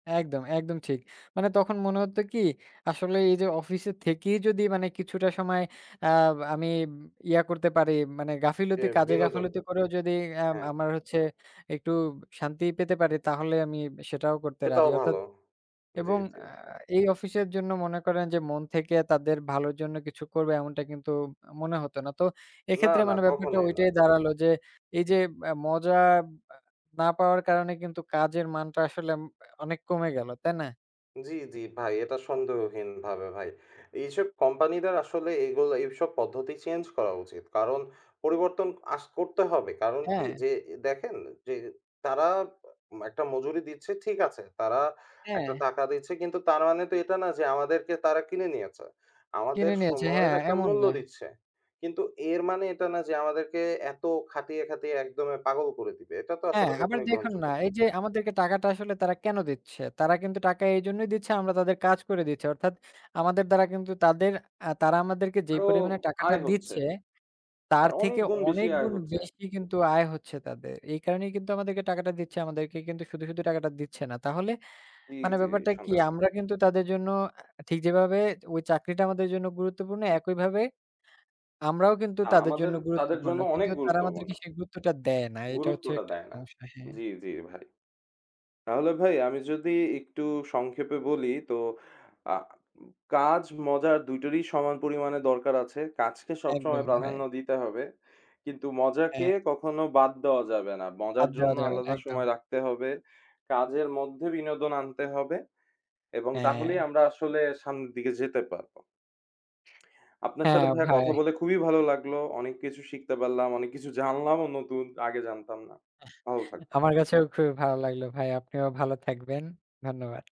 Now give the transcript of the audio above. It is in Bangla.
একদম, একদম ঠিক। মানে তখন মনে হতো কি আসলে এই যে, অফিসে থেকেই যদি মানে কিছুটা সময় আ আমি ইয়া করতে পারি। মানে জি। গাফিলতি কাজে, বিনোদন। গাফিলতি করেও যদি আম হ্যাঁ। আমার হচ্ছে একটু শান্তি পেতে পারি। তাহলে আমি সেটাও করতে রাজি। সেটাও অর্থাৎ ভালো। জি, এবং জি। আ এই অফিসের জন্য মনে করেন যে, মন থেকে তাদের ভালোর জন্য কিছু করবো এমনটা কিন্তু মনে হত না। তো না, এক্ষেত্রে না। মানে ব্যাপারটা কখনোই না। ঐটাই দাঁড়ালো যে, এই যে মা মজা আ না পাওয়ার কারণে কিন্তু কাজের মানটা আসলে আম অনেক কমে গেল। তাই না? জি, জি। ভাই এটা সন্দেহহীনভাবে ভাই। এইসব কোম্পানিদের আসলে এগুলো, এইসব পদ্ধতি চেঞ্জ করা উচিত। কারণ, পরিবর্তন আঁচ করতে হবে। কারণ কি হ্যাঁ। যে এ দেখেন যে, তারা উম একটা মজুরি দিচ্ছে, ঠিক আছে। তারা একটা হ্যাঁ। টাকা দিচ্ছে কিন্তু তার মানে তো এটা না যে, আমাদেরকে তারা কিনে নিয়েছে। আমাদের কিনে নিয়েছে, সময়ের হ্যাঁ, একটা এমন মূল্য না। দিচ্ছে। কিন্তু এর মানে এটা না যে, আমাদেরকে এত খাটিয়ে, খাটিয়ে একদমে পাগল করে দিবে। এটা তো হ্যাঁ। আসলে আবার কখনোই দেখুন না গ্রহণযোগ্য না। এই যে, আমাদেরকে টাকাটা আসলে তারা কেন দিচ্ছে? তারা কিন্তু টাকা এইজন্যই দিচ্ছে, আমরা তাদের কাজ করে দিচ্ছি। অর্থাৎ আমাদের দ্বারা কিন্তু তাদের আ তারা আমাদেরকে যেই আরো পরিমাণে টাকাটা আয় হচ্ছে। দিচ্ছে, তার তার অনেক থেকে গুণ বেশি অনেক আয় গুণ হচ্ছে। বেশি কিন্তু আয় হচ্ছে তাদের। এই কারণেই কিন্তু আমাদেরকে টাকাটা দিচ্ছে আমাদেরকে কিন্তু শুধু, শুধু টাকাটা দিচ্ছে না। তাহলে জি, মানে জি। ব্যাপারটা কি? নিঃসন্দেহে। আমরা কিন্তু তাদের জন্য ঠিক যেভাবে, ঐ চাকরিটা আমাদের জন্য গুরুত্বপূর্ণ, একইভাবে আমরাও কিন্তু না, তাদের জন্য আমাদের তাদের গুরুত্বপূর্ণ। জন্য অনেক কিন্তু তারা গুরুত্বপূর্ণ। আমাদেরকে সেই গুরুত্বটা দেয় না। এটা হচ্ছে গুরুত্বটা একটা দেয় না। সমস্যা। হ্যাঁ। জি, জি ভাই। তাহলে ভাই আমি যদি একটু সংক্ষেপে বলি তো, আ কাজ, মজা ২ টারই সমান পরিমাণে দরকার আছে। কাজকে সবসময় একদম প্রাধান্য ভাই। দিতে হবে। কিন্তু মজাকে হ্যাঁ। কখনো বাদ দেওয়া যাবে না। বাদ মজার দেওয়া জন্য যাবে না। আলাদা একদম। সময় রাখতে হবে। কাজের মধ্যে বিনোদন আনতে হবে এবং তাহলেই হ্যাঁ। আমরা আসলে সামনের দিকে যেতে পারবো। আপনার সাথে হ্যাঁ ভাইয়া কথা ভাই। বলে খুবই ভালো লাগলো। অনেক কিছু শিখতে পারলাম, অনেক কিছু জানলাম ও নতুন আগে জানতাম না। ভালো থাকবেন। আমার কাছেও খুবই ভালো লাগলো ভাই। আপনিও ভালো থাকবেন। ধন্যবাদ।